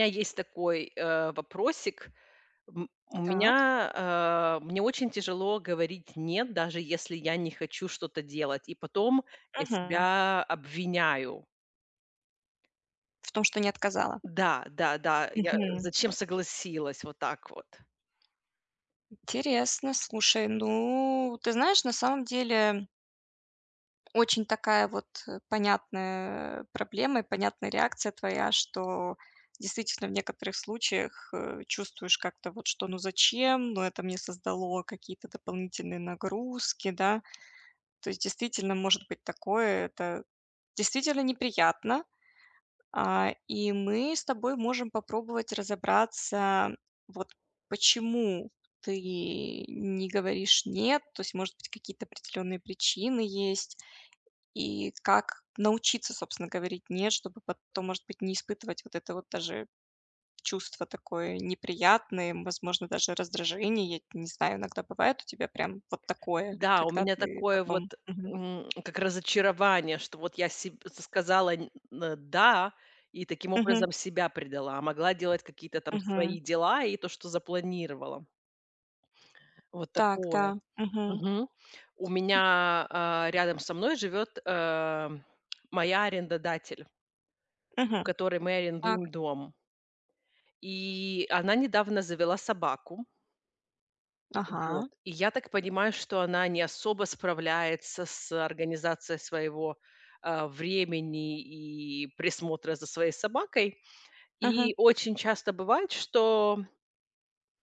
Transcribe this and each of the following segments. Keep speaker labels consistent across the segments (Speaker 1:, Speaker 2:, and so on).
Speaker 1: Меня есть такой, э, вопросик. М у
Speaker 2: Так.
Speaker 1: меня, э мне очень тяжело говорить "нет", даже если я не хочу что-то делать. И потом я
Speaker 2: Мгм.
Speaker 1: себя обвиняю.
Speaker 2: В том, что не отказала.
Speaker 1: Да, да, да. Я
Speaker 2: Мгм.
Speaker 1: зачем согласилась? Вот так вот.
Speaker 2: Интересно. Слушай, ну, ты знаешь, на самом деле очень такая вот, э, понятная проблема и понятная реакция твоя, что действительно в некоторых случаях, э, чувствуешь как-то вот что: ну, зачем? Ну, это мне создало какие-то дополнительные нагрузки, да? То есть, действительно, может быть такое, это действительно неприятно. А, и мы с тобой можем попробовать разобраться, вот почему ты не говоришь "нет". То есть, может быть, какие-то определенные причины есть. И как научиться, собственно, говорить "нет", чтобы потом, может быть, не испытывать вот это вот даже чувство такое неприятное, и, м, возможно, даже раздражение. Я не знаю, иногда бывает у тебя прям вот такое,
Speaker 1: Да, у
Speaker 2: когда
Speaker 1: меня
Speaker 2: ты
Speaker 1: такое
Speaker 2: потом
Speaker 1: вот,
Speaker 2: Мгм.
Speaker 1: м, как разочарование, что вот я себ с сказала нь н э, "да" и, таким
Speaker 2: Мгм.
Speaker 1: образом, себя предала, а могла делать какие-то там свои
Speaker 2: Мгм.
Speaker 1: дела и то, что запланировала. Вот
Speaker 2: Так,
Speaker 1: такое.
Speaker 2: да. Мгм.
Speaker 1: Мгм. У
Speaker 2: М.
Speaker 1: меня, э, рядом со мной живёт, э, моя арендодатель. У
Speaker 2: Мгм.
Speaker 1: которой мы
Speaker 2: Так.
Speaker 1: арендуем дом. И она недавно завела собаку. Э, вот.
Speaker 2: Ага.
Speaker 1: И я так понимаю, что она не особо справляется с организацией своего, э, времени и присмотра за своей собакой.
Speaker 2: Ага.
Speaker 1: И очень часто бывает, что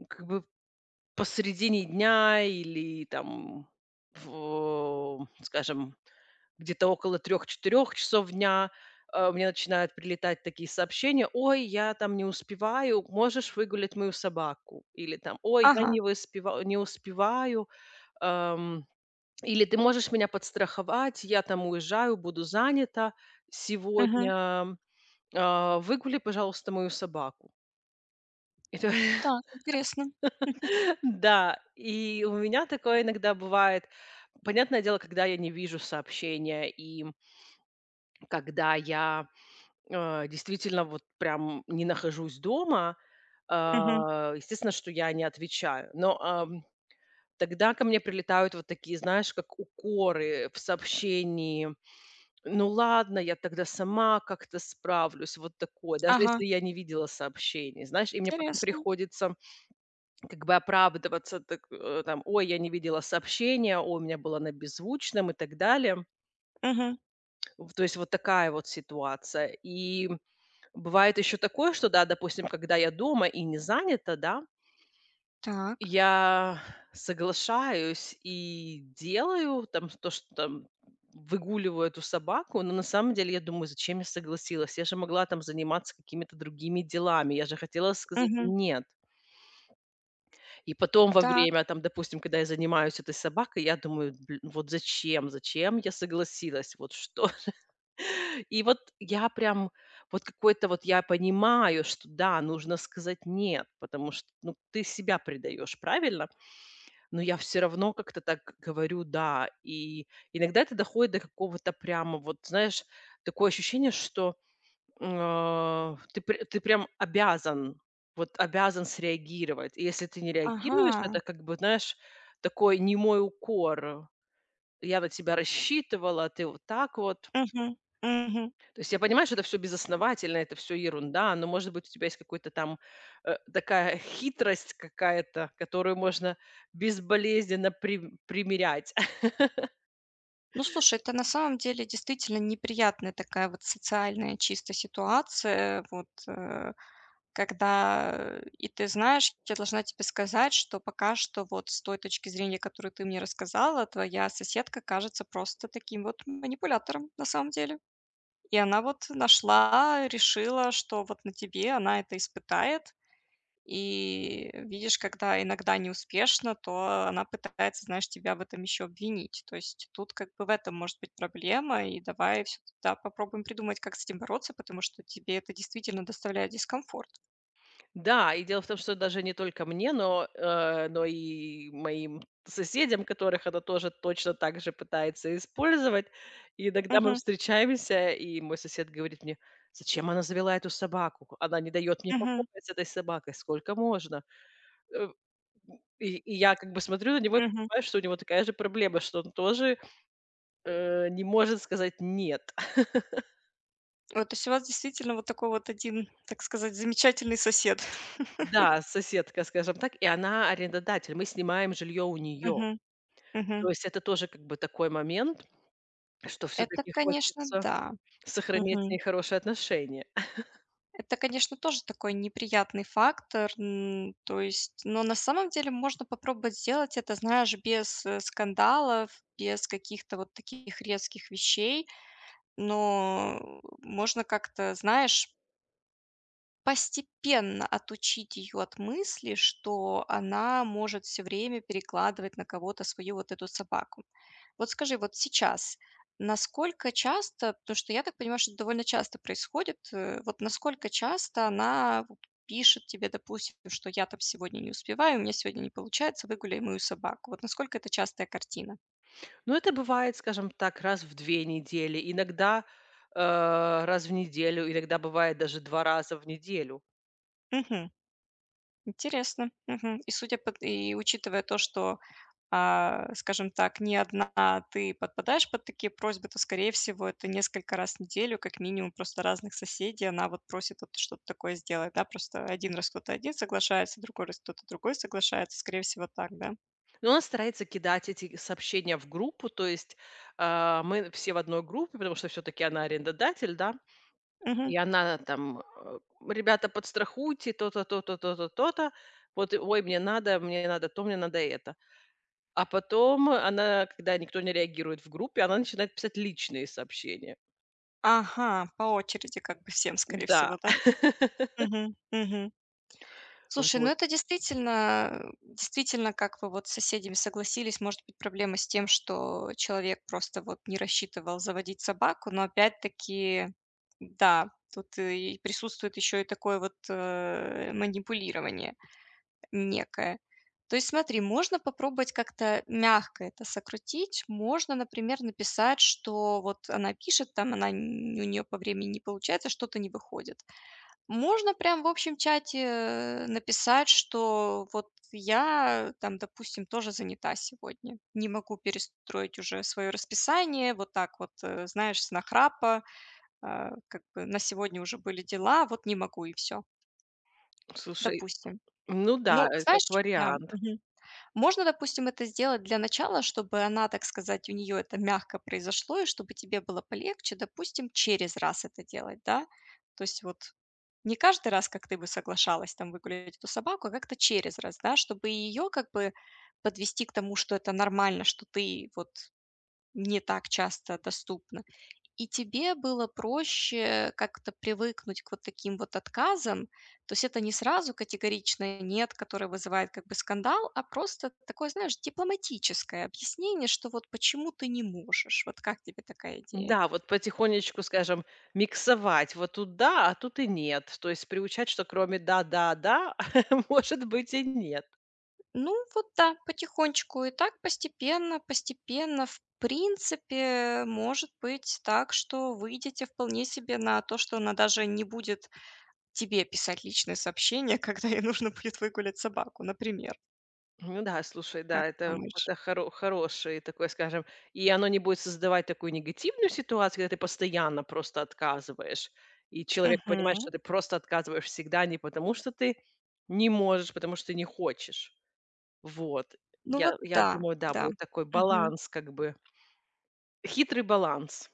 Speaker 1: как бы посредине дня или, там, в ом скажем, где-то около 3-4 часов дня, э, мне начинают прилетать такие сообщения: "Ой, я, там, не успеваю, можешь выгулять мою собаку?" Или, там: "Ой, я
Speaker 2: Ага.
Speaker 1: не выспева э, не успеваю, эм, или ты можешь меня подстраховать? Я, там, уезжаю, буду занята
Speaker 2: Мгм.
Speaker 1: сегодня, э, выгуляй, пожалуйста, мою собаку". И то
Speaker 2: Так, интересно.
Speaker 1: Да, и у меня такое иногда бывает. Понятное дело, когда я не вижу сообщения и, м когда я, э, действительно вот прям не нахожусь дома, э,
Speaker 2: Мгм.
Speaker 1: естественно, что я не отвечаю. Но, эм, тогда ко мне прилетают вот такие, знаешь, как укоры в сообщении: "Ну ладно, я тогда сама как-то справлюсь". Вот такое. Даже
Speaker 2: Ага.
Speaker 1: если я не видела сообщений, знаешь, и мне потом
Speaker 2: Тересно.
Speaker 1: приходится как бы оправдываться, так, э, там: "Ой, я не видела сообщение, ой, у меня было на беззвучном" и так далее.
Speaker 2: Мгм.
Speaker 1: В то есть вот такая вот ситуация. И бывает ещё такое, что да, допустим, когда я дома и не занята, да и
Speaker 2: Так.
Speaker 1: я соглашаюсь и делаю, там, ш то, что, там, выгуливаю эту собаку, но на самом деле я думаю: "Зачем я согласилась? Я же могла, там, заниматься какими-то другими делами. Я же хотела сказать
Speaker 2: Мгм.
Speaker 1: "нет"". И потом во
Speaker 2: Так.
Speaker 1: время, там, допустим, когда я занимаюсь этой собакой, я думаю: "Дл ну вот зачем? Зачем я согласилась? Вот что же". И вот я прям, вот какое-то вот я понимаю, что да, нужно сказать "нет", потому что, ну, ты себя предаёшь, правильно? Но я всё равно как-то так говорю "да". И иногда это доходит до какого-то прямо, вот, знаешь, такое ощущение, что, м, э, ты пр ты прям обязан, вот обязан среагировать. И если ты не реагируешь, это
Speaker 2: Ага.
Speaker 1: как бы, знаешь, такой немой укор: "Я на тебя рассчитывала, а ты вот так вот".
Speaker 2: Мгм, мгм.
Speaker 1: То есть я понимаю, что это всё безосновательно, это всё ерунда, но, может быть, у тебя есть какой-то там, э, такая хитрость какая-то, которую можно безболезненно прим примерять.
Speaker 2: Ну, слушай, это на самом деле действительно неприятная такая вот социальная чисто ситуация. Вот, э, когда и, ты знаешь, я должна тебе сказать, что пока что вот с той точки зрения, которую ты мне рассказала, твоя соседка кажется просто таким вот манипулятором, на самом деле. И она вот нашла, решила, что вот на тебе она это испытает. И видишь, когда иногда неуспешно, то она пытается, знаешь, тебя в этом еще обвинить. То есть тут как бы в этом может быть проблема. И давай всё туда, попробуем придумать, как с этим бороться, потому что тебе это действительно доставляет дискомфорт.
Speaker 1: Да, и дело в том, что даже не только мне, но, э, но и моим соседям, которых она тоже точно так же пытается использовать. И иногда мы
Speaker 2: Мгм.
Speaker 1: встречаемся, и мой сосед говорит мне: "Зачем она завела эту собаку? Ку Она не даёт мне покоя
Speaker 2: Мгм.
Speaker 1: с этой собакой. Сколько можно?" Э, м, и и я как бы смотрю на него и
Speaker 2: Мгм.
Speaker 1: понимаю, что у него такая же проблема, что он тоже, э, не может сказать "нет".
Speaker 2: Вот то есть у вас, действительно, вот такой вот 1, так сказать, замечательный сосед.
Speaker 1: Да, соседка, скажем так. И она арендодатель, мы снимаем жильё у неё.
Speaker 2: Мгм.
Speaker 1: То
Speaker 2: Мгм.
Speaker 1: есть это тоже как бы такой момент, что
Speaker 2: Это,
Speaker 1: всё-таки
Speaker 2: конечно,
Speaker 1: хочется
Speaker 2: да.
Speaker 1: сохранять с
Speaker 2: Мгм.
Speaker 1: ней хорошие отношения.
Speaker 2: Это, конечно, тоже такой неприятный фактор. М, то есть, но, на самом деле, можно попробовать сделать это, знаешь, без, э, скандалов, без каких-то вот таких резких вещей. Но можно как-то, знаешь постепенно отучить ее от мысли, что она может всё время перекладывать на кого-то свою вот эту собаку. Вот скажи, вот сейчас насколько часто, потому что я так понимаю, что это довольно часто происходит. Э, вот насколько часто она вот пишет тебе, допустим, что: "Я там сегодня не успеваю, у меня сегодня не получается, выгуляй мою собаку". Вот насколько это частая картина?
Speaker 1: Ну, это бывает, скажем так, раз в 2 недели, иногда, э, раз в неделю, иногда бывает даже 2 раза в неделю.
Speaker 2: Мгм. Интересно. Мгм. И судя пот и, учитывая то, что, а, скажем так, не одна ты подпадаешь под такие просьбы, то, скорее всего, это несколько раз в неделю, как минимум, просто разных соседей она вот просит вот что-то такое сделать, да? Просто 1 раз кто-то один соглашается, другой раз кто-то другой соглашается. Скорее всего, так, да?
Speaker 1: Но она старается кидать эти сообщения в группу. То есть, э, мы все в одной группе, потому что всё-таки она арендодатель, да?
Speaker 2: Мгм.
Speaker 1: И она на там: "А, ребята, подстрахуйте то-то то-то то-то то-то. Вот, ой, мне надо, мне не надо то, мне надо это". А потом она, когда никто не реагирует в группе, она начинает писать личные сообщения.
Speaker 2: Ага, по очереди как бы всем, скорее
Speaker 1: Н-да.
Speaker 2: всего, да? Мгм, мгм. Слушай, ну,
Speaker 1: Вот.
Speaker 2: это действительно, действительно, как вы вот с соседями согласились, может быть проблема с тем, что человек просто вот не рассчитывал заводить собаку, но опять-таки, да, тут и присутствует ещё и такое вот, э, манипулирование некое. То есть, смотри, можно попробовать как-то мягко это сократить. Можно, например, написать, что вот она пишет, там, она нь у неё по времени не получается, что-то не выходит. Можно прям в общем чате, э, написать, что вот я, э, там, допустим, тоже занята сегодня, не могу перестроить уже своё расписание. Вот так вот, э, знаешь, с нахрапа, э, как бы на сегодня уже были дела. Вот не могу и всё.
Speaker 1: Слушай,
Speaker 2: Допустим.
Speaker 1: ну да,
Speaker 2: Ну,
Speaker 1: э, как
Speaker 2: знаешь Да,
Speaker 1: вариант.
Speaker 2: мгм. Можно, допустим, это сделать для начала, чтобы она, так сказать, у неё это мягко произошло и чтобы тебе было полегче, допустим, через раз это делать, да? То есть, вот не каждый раз, как ты бы соглашалась, там, выгулять эту собаку, а как-то через раз, да? Чтобы и её как бы подвести к тому, что это нормально, что ты вот не так часто доступна и тебе было проще как-то привыкнуть к вот таким вот отказам. То есть это не сразу категоричное нет, которое вызывает как бы скандал, а, просто такое, знаешь, дипломатическое объяснение, что вот почему ты не можешь. Вот как тебе такая идея?
Speaker 1: Н-да, вот потихонечку, скажем, миксовать. Вот тут да, а тут и нет. То есть приучать, что кроме "да-да-да", может быть и "нет".
Speaker 2: Ну, вот, да, потихонечку. И так постепенно постепенно, в принципе, может быть так, что выйдете вполне себе на то, что она даже не будет тебе писать личные сообщения, когда ей нужно будет выгулять собаку, например.
Speaker 1: Ну да, слушай, да,
Speaker 2: Как
Speaker 1: это
Speaker 2: думаешь?
Speaker 1: это хоро хороший такой, скажем. И оно не будет создавать такую негативную ситуацию, когда ты постоянно просто отказываешь, и человек понимает, что
Speaker 2: Мгм.
Speaker 1: ты просто отказываешь всегда не потому, что ты не можешь, а потому, что ты не хочешь. Вот.
Speaker 2: Ну, вот,
Speaker 1: Я я
Speaker 2: да,
Speaker 1: думаю, да,
Speaker 2: да.
Speaker 1: будет такой
Speaker 2: Мгм.
Speaker 1: баланс как бы. Хитрый баланс,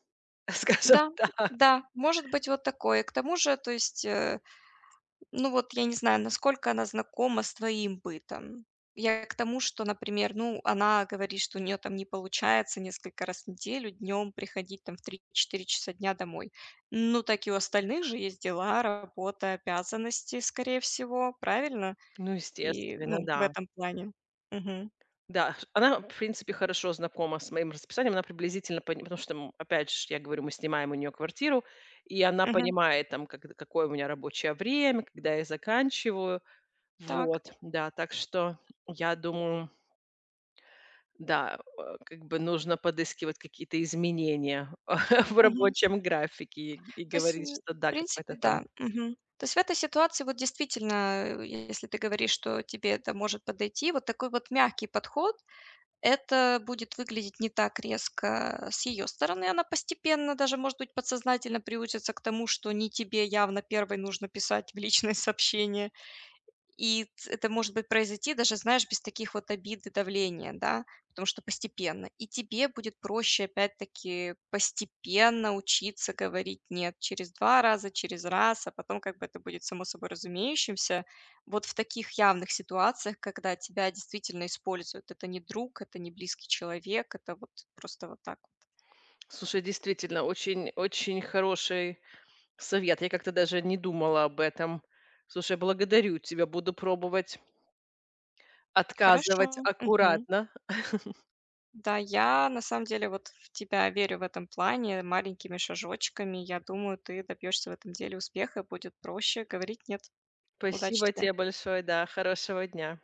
Speaker 1: скажем
Speaker 2: Да,
Speaker 1: так.
Speaker 2: да, может быть вот такое. К тому же, то есть, э, ну, вот я не знаю, насколько она знакома с твоим бытом. Я к тому, что, например, ну, она говорит, что у неё там не получается несколько раз в неделю днём приходить, там, в 3-4 часа дня домой. Ну, так и у остальных же есть дела, работа, обязанности, скорее всего, правильно?
Speaker 1: Ну,
Speaker 2: И,
Speaker 1: естественно,
Speaker 2: ну, в
Speaker 1: да.
Speaker 2: этом плане. Мгм.
Speaker 1: Да, ш она, в принципе, хорошо знакома с моим расписанием, она приблизительно пон потому что, м, опять же ш я говорю, мы снимаем у неё квартиру, и она
Speaker 2: Мгм.
Speaker 1: понимает, там, когд какое у меня рабочее время, когда я заканчиваю.
Speaker 2: Так.
Speaker 1: Вот, да. Так что, я думаю Да, о как бы нужно подыскивать какие-то изменения в
Speaker 2: Мгм.
Speaker 1: рабочем графике и и
Speaker 2: То есть
Speaker 1: говорить,
Speaker 2: н
Speaker 1: что
Speaker 2: в
Speaker 1: да, какой-то
Speaker 2: принципе,
Speaker 1: там
Speaker 2: да. Мгм. То есть в этой ситуации, вот действительно, а, если ты говоришь, что тебе это может подойти, вот такой вот мягкий подход, это будет выглядеть не так резко с её стороны. Она постепенно, даже, может быть, подсознательно приучится к тому, что не тебе явно 1 нужно писать в личные сообщения. И т это может быть произойти даже, знаешь, без таких вот обид и давления, да? Потому что постепенно. И тебе будет проще, опять-таки, постепенно учиться говорить "нет" через 2 раза, через раз, а потом как бы это будет само собой разумеющимся вот в таких явных ситуациях, когда тебя действительно используют. Это не друг, это не близкий человек, это вот просто вот так вот.
Speaker 1: Слушай, действительно очень очень хороший совет. Я как-то даже не думала об этом. Слушай, благодарю тебя. Буду пробовать отказывать
Speaker 2: Хорошо. Мгм.
Speaker 1: аккуратно.
Speaker 2: Да, я на самом деле вот в тебя верю в этом плане. Маленькими шажочками, я думаю, ты добьёшься в этом деле успеха и будет проще говорить "нет". Удачи
Speaker 1: Спасибо
Speaker 2: тебе!
Speaker 1: те большое. Да, хорошего дня.